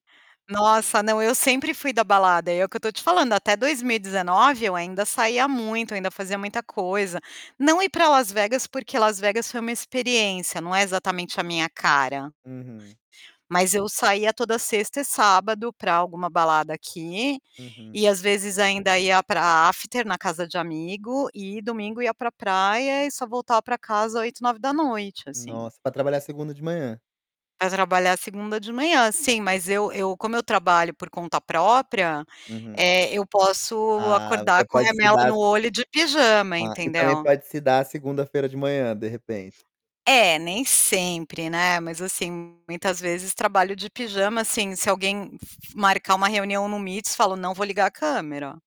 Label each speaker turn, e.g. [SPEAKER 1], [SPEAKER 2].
[SPEAKER 1] Nossa! Não, eu sempre fui da balada, é o que eu estou te falando, até 2019 eu ainda saía muito, ainda fazia muita coisa. Não ir para Las Vegas porque Las Vegas foi uma experiência, não é exatamente a minha cara.
[SPEAKER 2] Uhum.
[SPEAKER 1] Mas eu saía toda sexta e sábado para alguma balada aqui,
[SPEAKER 2] Uhum.
[SPEAKER 1] e às vezes ainda ia para after na casa de amigo e domingo ia para praia e só voltava para casa 20h, 9h assim.
[SPEAKER 2] Nossa, pra trabalhar segunda de manhã?
[SPEAKER 1] Para trabalhar segunda de manhã. Sim, mas eu eu como eu trabalho por conta própria,
[SPEAKER 2] Uhum.
[SPEAKER 1] eh, eu posso
[SPEAKER 2] Ah,
[SPEAKER 1] acordar
[SPEAKER 2] você
[SPEAKER 1] com
[SPEAKER 2] pode se
[SPEAKER 1] remela
[SPEAKER 2] dar
[SPEAKER 1] no olho de pijama,
[SPEAKER 2] Ah, e também
[SPEAKER 1] entendeu?
[SPEAKER 2] pode se dar segunda-feira de manhã, de repente.
[SPEAKER 1] É, nem sempre, né, mas assim, muitas vezes trabalho de pijama, assim, se alguém fa fa marcar uma reunião no Meets, eu fal: "Não vou ligar a câmera".